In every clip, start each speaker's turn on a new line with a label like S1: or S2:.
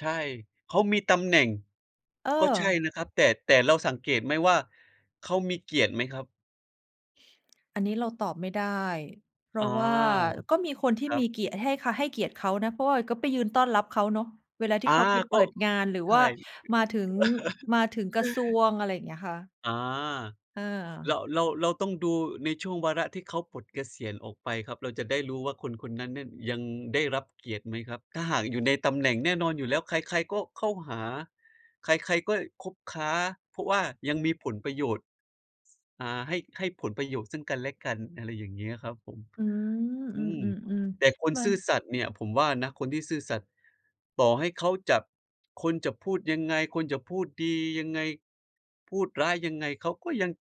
S1: ใช่ เขามีตำแหน่ง
S2: เออ
S1: ก็ใช่นะครับ แต่ แต่เราสังเกตไหมว่า เขามีเกียรติไหมครับ?
S2: อันนี้เราตอบไม่ได้ เพร
S1: อ
S2: า
S1: า
S2: ะว่าก็มีคนที่
S1: ครั
S2: มี
S1: บ
S2: เกียรติ ให้ค่า ให้เกียรติเขานะ เพราะว่าก็ไปยืนต้อนรับเขาเนาะ เวลาที่
S1: อา
S2: เขาไปเ
S1: ก
S2: ปิ
S1: ็
S2: ดงาน หรือ
S1: ใช
S2: ว่
S1: ่
S2: ามาถึง มาถึงกระทรวง อะไรอย่างเงี้ยค่ะ
S1: อา
S2: อ
S1: เรา
S2: า
S1: เรา เราต้องดูในช่วงวาระที่เขาปลดเกษียณออกไปครับ เราจะได้รู้ว่าคนคนนั้นเนี่ยยังได้รับเกียรติไหมครับ ถ้าหากอยู่ในตำแหน่ง แน่นอนอยู่แล้ว ใคร ๆ ก็เข้าหาใคร ๆ ก็คบค้า เพราะว่ายังมีผลประโยชน์ อา ให้ ให้ผลประโยชน์ซึ่งกันและกัน อะไรอย่างเงี้ยครับผม
S2: อืม
S1: อ
S2: อื
S1: ืม
S2: อ
S1: แต่
S2: ๆ
S1: คน
S2: ๆ มา
S1: ซื่อสัตย์เนี่ยผมว่านะ คนที่ซื่อสัตย์ต่อให้เขาจับ คนจะพูดยังไง คนจะพูดดียังไง พูดร้ายยังไง เขาก็ยัง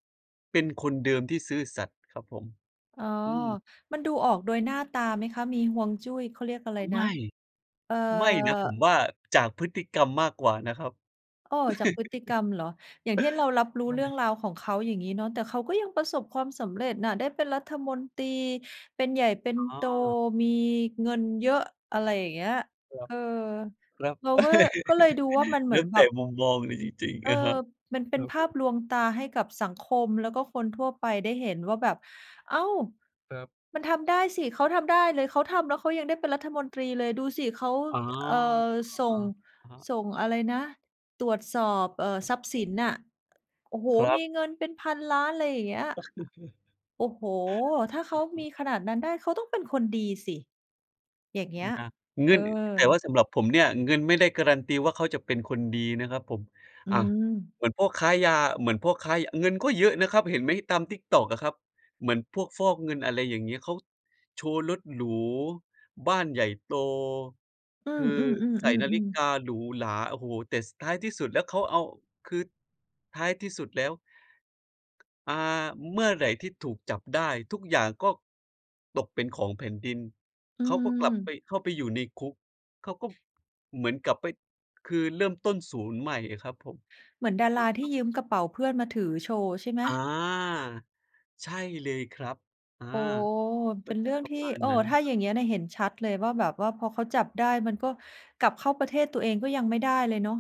S1: เป็นคนเดิมที่ซื่อสัตย์ครับผม
S2: อ๋อ
S1: อืม
S2: มันดูออกโดยหน้าตาไหมคะ มีฮวงจุ้ย เขาเรียกอะไรน
S1: ไม
S2: ะ?
S1: ่
S2: เอ่อ
S1: ไม่นะผมว่า จากพฤติกรรมมากกว่านะครับ
S2: อ้อ จากพฤติกรรมเหรอ อย่างที่เรารับรู้
S1: ว่า
S2: เรื
S1: ไ
S2: ่
S1: ง?
S2: องราวของเขา อย่างงี้เนาะ แต่เขาก็ยังประสบความสำเร็จน่ะ ได้เป็นรัฐมนตรี เป็นใหญ่ เป็น
S1: อ๋
S2: โ
S1: อ
S2: ต มีเงินเยอะ อะไรอย่างเงี้ย
S1: ครั
S2: เ
S1: บ
S2: ออ
S1: ครับ
S2: เราก็ ก็เลยดูว่ามันเห
S1: แล
S2: มือ
S1: ้
S2: น
S1: ว
S2: แ
S1: แ
S2: บ
S1: ต่
S2: บ
S1: มุมมองเลยจริง
S2: เ
S1: ๆ
S2: อ
S1: นะคร
S2: อ
S1: ับ
S2: มันเป
S1: ค
S2: ็น
S1: รับ
S2: ภ
S1: ผ
S2: าพ
S1: ม
S2: ลวงตาให้กับสังคมแล้วก็คนทั่วไปได้เห็นว่าแบบ "อ้าว
S1: ครับ
S2: มันทำได้สิ เขาทำได้เลย เขาทำแล้วเขายังได้เป็นรัฐมนตรีเลย ดูสิเขา
S1: อ๋อ
S2: เอ่อ ส
S1: อ
S2: ่ง-"
S1: ะฮะ
S2: ส่งอะไรนะ ตรวจสอบ เอ่อ ทรัพย์สินน่ะ "โอ้โฮ
S1: ครั
S2: ม
S1: บ
S2: ีเงินเป็นพันล้าน" อะไรอย่างเงี้ย "โอ้โฮ ถ้าเข
S1: อื
S2: า
S1: อฮึ
S2: มีขนาดนั้นได้ เขาต้องเป็นคนดีสิ" อย่างเงี้ย
S1: น่ะ เง
S2: เ
S1: ิ
S2: ออ
S1: น แต่ว่าสำหรับผมเนี่ย เงินไม่ได้การันตีว่าเขาจะเป็นคนดีนะครับผม
S2: อื
S1: อา
S2: ม
S1: เหมือนพวกค้ายา เหมือนพวกค้า ย เงินก็เยอะนะครับ เห็นไหมตาม TikTok อะครับ เหมือนพวกฟอกเงิน อะไรอย่างนี้ เขาโชว์รถหรู บ้านใหญ่โต
S2: อื
S1: ค
S2: อ
S1: ือใส่น
S2: ๆ
S1: าฬิ
S2: ๆ
S1: ก
S2: ๆ ๆ
S1: าหรูหรา โอ้โฮ แต่ ส ท้ายที่สุดแล้วเขาเอา คือ ท้ายที่สุดแล้ว อา เมื่อไหร่ที่ถูกจับได้ ทุกอย่างก็ตกเป็นของแผ่นดิน
S2: อื
S1: เขาก็กลับไป
S2: ม
S1: เข้าไปอยู่ในคุก เขาก็เหมือนกลับไป คือเริ่มต้น 0 ใหม่อะครับผม
S2: เหมือนดา
S1: อะ
S2: รา
S1: ฮ
S2: ที่
S1: ะ
S2: ยืมกระเป๋าเพื่อนมาถือโชว์ ใช่ไหม?
S1: อา ใช่เลยครับ อา
S2: อ๋อ
S1: ก
S2: เป
S1: ็
S2: ็น
S1: จ
S2: เร
S1: ะ
S2: ื่อง
S1: ปร
S2: ท
S1: ะ
S2: ี่
S1: มาณ
S2: เออ
S1: นั้น
S2: ถ
S1: นะ
S2: ้า
S1: คร
S2: อ
S1: ั
S2: ย
S1: บ
S2: ่างนี้เนี่ยเห็นชัดเลยว่าแบบว่า พอเขาจับได้มันก็กลับเข้าประเทศตัวเองก็ยังไม่ได้เลยเนาะ